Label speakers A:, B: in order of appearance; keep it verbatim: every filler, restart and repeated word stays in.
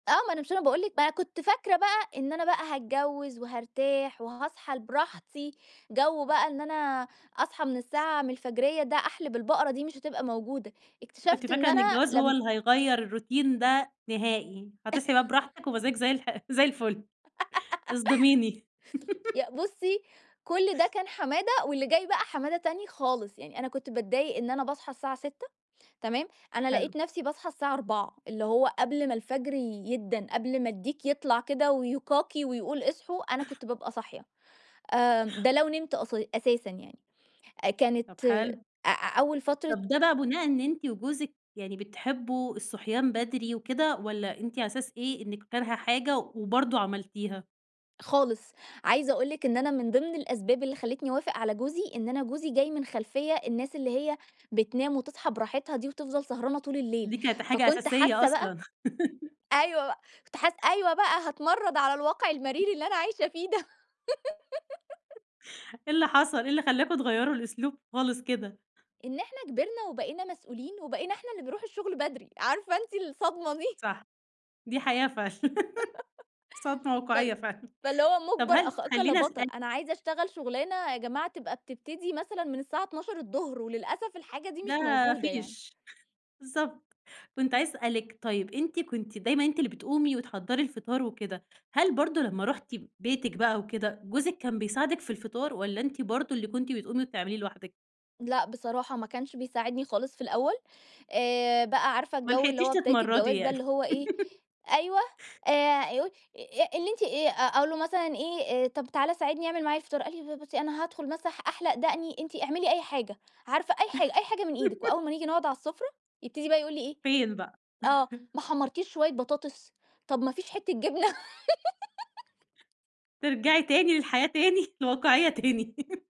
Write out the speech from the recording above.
A: آه، ما أنا مش أنا باقول لِك أنا كنت فاكرة بقى إن أنا بقى هاتجوّز وهارتاح، وهاصحى ال براحتي، جوّ بقى إن أنا أصحى من الساعة من الفجرية ده أحلِب البقرة دي مش هتبقى موجودة،
B: أنتِ كنت
A: اكتشفت إن
B: فاكرة إن
A: أنا
B: الجواز هو
A: لمّ
B: اللي هيغيّر الروتين ده نهائي هتصحي بقى براحتِك، ومزاجِك زي الح زي الفل اصدميني.
A: يا بُصّي، كل ده كان حمادة، واللي جاي بقى حمادة تاني خالص، يعني أنا كنت باتضايق إن أنا باصحى الساعة سِتّة تمام؟ أنا لقيت
B: حلو.
A: نفسي باصحى الساعة أربعة اللي هو قبل ما الفجر يدَّن، قبل ما الديك يطلع كده ويكاكي، ويقول اصحوا، أنا كنت بابقى صاحية آآ، ده لو نمت أص أساسًا يعني،
B: طَب
A: كانت آآ،
B: حلو.
A: أ أوّل فترة
B: طَب ده بقى بناءً إن أنتِ وجوزِك يعني بتحبوا الصحيان بدري وكده، والَّا أنتِ على أساس إيه إنّك كارهة حاجة، وبرضه عملتيها؟
A: خالص، عايزة أقول لِك إن أنا من ضمن الأسباب اللي خلّيتني أوافق على جوزي، إن أنا جوزي جاي من خلفيّة الناس اللي هي بتنام وتصحى براحتها دي، وتفضل سهرانة طول الليل،
B: دي كانت حاجة
A: فكنت
B: أساسية
A: حاسّة بقى
B: أصلًا.
A: أيوَه بقى، كنت حاسّة أيوَه بقى هاتمرّد على الواقع المرير اللي أنا عايشة فيه ده.
B: إيه اللي حصل؟ إيه اللي خلاكم تغيَّروا الأسلوب خالص كده؟
A: إن إحنا كبرنا وبقينا مسؤولين، وبقينا إحنا اللي بنروح الشغل بدري، عارفة أنتِ الصدمة دي.
B: صح، دي حقيقة فعلّا، صدمة
A: فال
B: واقعية فعلًا،
A: فاللي هو
B: طَب
A: مُجبر
B: هل
A: أخاك لا
B: خليني
A: بطل،
B: أسألِك
A: أنا عايزة أشتغل شغلانة يا جماعة تبقى بتبتدي مثلًا من الساعة اتناشر الضهر، وللأسف الحاجة دي
B: ده
A: مش موجودة يعني.
B: فيش بالضبط، كنت عايزة أسألِك طيّب أنت كنتِ دايمًا أنتِ اللي بتقومي وتحضّري الفطار وكده، هل برضه لمّا رُحتِ بيتِك بقى وكده، جوزِك كان بيساعدِك في الفطار؟ والَّا أنتِ برضه اللي كنتِ بتقومي وتعمليه لوحدِك؟
A: لأ، بصراحة ما كانش بيساعدني خالص في الأوّل آآ، بقى عارفة
B: ما
A: الجو اللي
B: لحقتيش
A: هو بداية
B: تتمرّدي
A: الجواز ده،
B: يعني.
A: اللي هو إيه، أيوه [unintelligible] اللي أنتِ آآ، أقول له مثلًا إيه طَب تعالَ ساعدني، اعمل معايا الفطار، قال لي ب بُصّي، أنا هادخل مثلًا أح أحلق دقني، أنتِ اعملي أي حاجة، عارفة أي حاجة أي حاجة من إيدِك وأوّل ما نيجي نقعد عالسفرة، يبتدي بقى يقول لي إيه،
B: فين بقى؟
A: آه ما حمّرتيش شويّة بطاطس، طَب ما فيش حتّة جبنة.
B: ترجعي تاني للحياة، تاني الواقعية تاني.